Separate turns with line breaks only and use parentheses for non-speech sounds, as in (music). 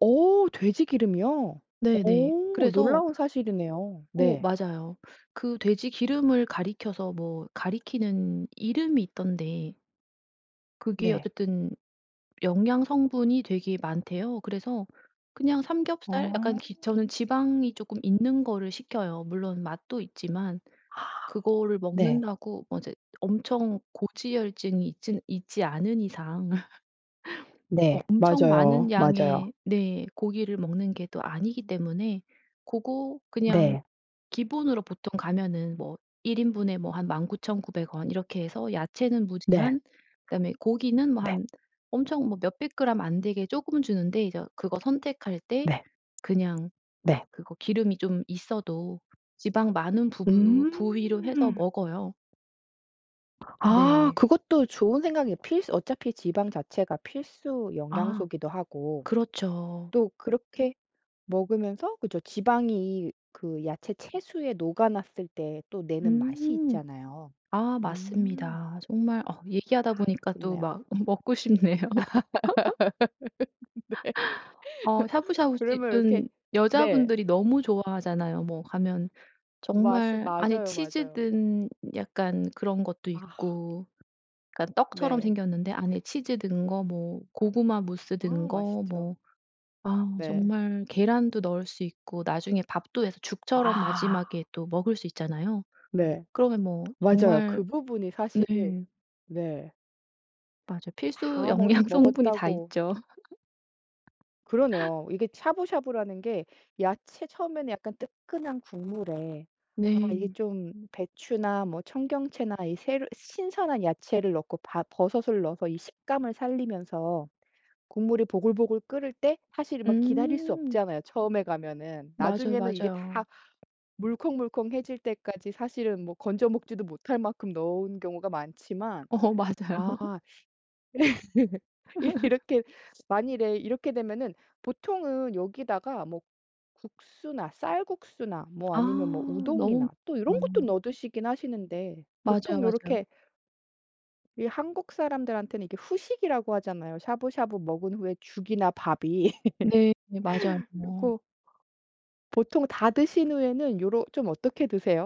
어 돼지기름이요?
네네.
어
그래서
놀라운 사실이네요.
어
네.
맞아요. 그 돼지기름을 가리켜서 뭐 가리키는 이름이 있던데 그게
네.
어쨌든 영양 성분이 되게 많대요. 그래서 그냥 삼겹살 약간
어.
기 저는 지방이 조금 있는 거를 시켜요. 물론 맛도 있지만
(gasps)
그거를
네.
먹는다고 뭐 이제 엄청 고지혈증이 있진 있지 않은 이상. (laughs) 뭐
네.
엄청
맞아요.
많은
맞아요.
양의 네 고기를 먹는 게 또 아니기 때문에 고거 그냥
네.
기본으로 보통 가면은 뭐 1 인분에 뭐 한 19,900 원 이렇게 해서 야채는
네.
무제한 그다음에 고기는 뭐
네.
한 엄청 뭐 몇 100 그람 안 되게 쪼금 주는데 이저 그거 선택할 때
네.
그냥
네.
그거 기름이 좀 있어도 지방 많은 부부-– 부위로 해서
음.
먹어요.
아
네.
그것도 좋은 생각이에요. 필수 어차피 지방 자체가 필수
아.
영양소이기도 하고.
그렇죠.
또 그렇게 먹으면서 그죠 지방이 그 야채 채수에 녹아났을 때 또 내는 맛이
음.
있잖아요.
아
음.
맞습니다. 정말 어
아
얘기하다 보니까 또
좋네요.
막 음 먹고 싶네요.
(laughs) 네.
(laughs) (laughs) 어
(laughs) 그러면 이렇게
샤브샤브집은
네.
여자분들이 너무 좋아하잖아요. 뭐 가면
맞스
정말 안에
맞아요,
치즈
맞아요.
든 약간 그런 것도
아.
있고 그러니까 떡처럼
네.
생겼는데 안에 치즈 든 거, 뭐 고구마 무스 든
아
거
맛있죠.
뭐 아
네.
정말 계란도 넣을 수 있고 나중에 밥도 해서 죽처럼
아.
마지막에 또 먹을 수 있잖아요.
네.
그러면 뭐
맞아요.
정말
그 부분이 사실
네.
네.
맞아요. 필수
다 멋
영양 성분이 다
먹었다고.
있죠. (laughs)
그러네요. 이게 샤브샤브라는 게 야채 처음에는 약간 뜨끈한 국물에 아 이게
네.
좀 배추나 뭐 청경채나 이 새로 신선한 야채를 넣고 바 버섯을 넣어서 이 식감을 살리면서 국물이 보글보글 끓을 때 사실은 막 기다릴 수
음.
없잖아요 처음에 가면은.
맞아요,
나중에는 이게 다
맞아요.
물컹물컹해질 때까지 사실은 뭐 건져 먹지도 못할 만큼 넣은 경우가 많지만.
어 맞아요.
아.
(laughs)
(laughs)
(laughs)
이렇게 만일에 이렇게 되면은 보통은 여기다가 뭐 국수나 쌀국수나 뭐
아
아니면 뭐
너무
우동이나 또 이런 것도
아.
넣어 드시긴 하시는데
맞아요,
보통
맞아요.
요렇게 이 한국 사람들한테는 이게 후식이라고 하잖아요, 샤브샤브 먹은 후에 죽이나 밥이.
네
(laughs)
맞아요.
그리고 보통 다 드신 후에는 요러 좀 어떻게 드세요?